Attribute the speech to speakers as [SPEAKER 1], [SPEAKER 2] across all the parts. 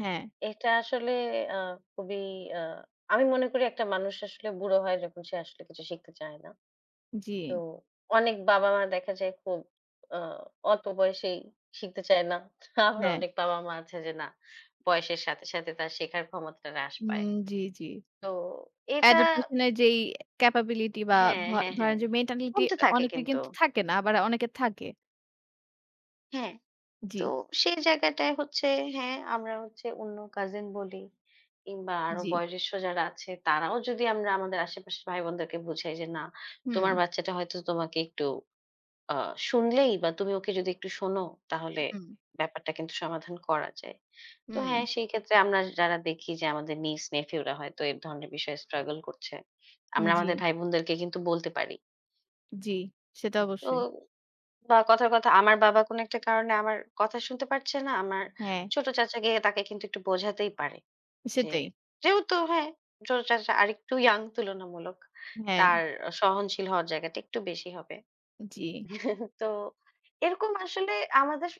[SPEAKER 1] হ্যাঁ।
[SPEAKER 2] এটা আসলে আ খুবই আ আমি মনে করি একটা মানুষ আসলে বুড়ো হয় যখন সে আসলে কিছু শিখতে চায় না। তো
[SPEAKER 1] জি।
[SPEAKER 2] অনেক বাবা-মা দেখা যায় খুব আ অল্প বয়সেই শিখতে চায় না। আবার
[SPEAKER 1] হ্যাঁ।
[SPEAKER 2] অনেক বাবা-মা আছে যে না, বয়সের সাথে সাথে তার শেখার ক্ষমতাটা হ্রাস
[SPEAKER 1] হুম।
[SPEAKER 2] পায়।
[SPEAKER 1] জি, জি।
[SPEAKER 2] তো এটা
[SPEAKER 1] Adaptation -এর যেই capability বা
[SPEAKER 2] হ্যাঁ,
[SPEAKER 1] ভ
[SPEAKER 2] হ্যাঁ,
[SPEAKER 1] ধরেন
[SPEAKER 2] হ্যাঁ,
[SPEAKER 1] যে mentality
[SPEAKER 2] কমতে
[SPEAKER 1] অ
[SPEAKER 2] থাকে
[SPEAKER 1] অনেকের
[SPEAKER 2] কিন্তু।
[SPEAKER 1] কিন্তু থাকে না, আবার অনেকের থাকে।
[SPEAKER 2] হ্যাঁ, তো
[SPEAKER 1] জি।
[SPEAKER 2] সেই জায়গাটায় হচ্ছে হ্যাঁ, আমরা হচ্ছে অন্য কাজিন বলি কিংবা আরও
[SPEAKER 1] জি।
[SPEAKER 2] বয়োজ্যেষ্ঠ যারা আছে তারাও যদি আমরা আমাদের আশেপাশের ভাইবোনদেরকে বুঝাই যে, না তোমার
[SPEAKER 1] হুম।
[SPEAKER 2] বাচ্চাটা হয়তো তোমাকে একটু আ শুনলেই বা তুমি ওকে যদি একটু শোনো তাহলে
[SPEAKER 1] উঁহুম।
[SPEAKER 2] ব্যাপারটা কিন্তু সমাধান করা যায়। তো
[SPEAKER 1] হুম।
[SPEAKER 2] হ্যাঁ, সেই ক্ষেত্রে আমরা যারা দেখি যে, আমাদের niece, nephew রা হয়তো এই ধরনের বিষয়ে struggle করছে।
[SPEAKER 1] উম
[SPEAKER 2] আমরা আমাদের
[SPEAKER 1] জি।
[SPEAKER 2] ভাইবোনদেরকে কিন্তু বলতে পারি।
[SPEAKER 1] জি। সেটা
[SPEAKER 2] তো
[SPEAKER 1] অবশ্যই।
[SPEAKER 2] কথার কথা, আমার বাবা কোন একটা কারণে আমার কথা শুনতে পারছে না, আমার
[SPEAKER 1] হ্যাঁ।
[SPEAKER 2] ছোট চাচা গিয়ে তাকে কিন্তু একটু বোঝাতেই পারে, যে,
[SPEAKER 1] সেটাই।
[SPEAKER 2] যেহেতু হ্যাঁ ছোট চাচা আরেকটু young তুলনামূলক,
[SPEAKER 1] হ্যাঁ।
[SPEAKER 2] তার সহনশীল হওয়ার জায়গাটা একটু বেশি হবে।
[SPEAKER 1] জি।
[SPEAKER 2] তো এরকম আসলে আমাদের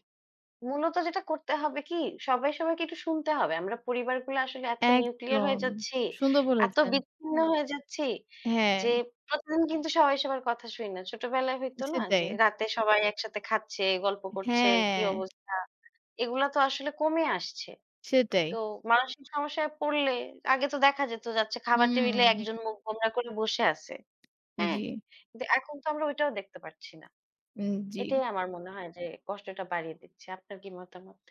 [SPEAKER 2] মূলত যেটা করতে হবে কি, সবাই সবাইকে একটু শুনতে হবে। আমরা পরিবারগুলো আসলে এত nuclear হয়ে
[SPEAKER 1] একদম।
[SPEAKER 2] যাচ্ছি,
[SPEAKER 1] সুন্দর
[SPEAKER 2] এত
[SPEAKER 1] বলেছেন।
[SPEAKER 2] বিচ্ছিন্ন হয়ে যাচ্ছি
[SPEAKER 1] হ্যাঁ।
[SPEAKER 2] যে, প্রতিদিন কিন্তু সবাই সবার কথা শুনি না। ছোটবেলায় হইতো না যে,
[SPEAKER 1] সেটাই।
[SPEAKER 2] রাতে সবাই একসাথে খাচ্ছে, গল্প করছে, কি
[SPEAKER 1] হ্যাঁ।
[SPEAKER 2] অবস্থা, এগুলা তো আসলে কমে আসছে।
[SPEAKER 1] সেটাই।
[SPEAKER 2] তো মানুষিক সমস্যায় পড়লে, আগে তো দেখা যেত যাচ্ছে খাবার টেবিলে
[SPEAKER 1] হুম।
[SPEAKER 2] একজন মুখ গোমড়া করে বসে আছে, হ্যাঁ।
[SPEAKER 1] জি।
[SPEAKER 2] কিন্তু এখন তো আমরা ওইটাও দেখতে পাচ্ছি না।
[SPEAKER 1] উম, জি।
[SPEAKER 2] এটাই আমার মনে হয় যে কষ্টটা বাড়িয়ে দিচ্ছে। আপনার কি মতামত?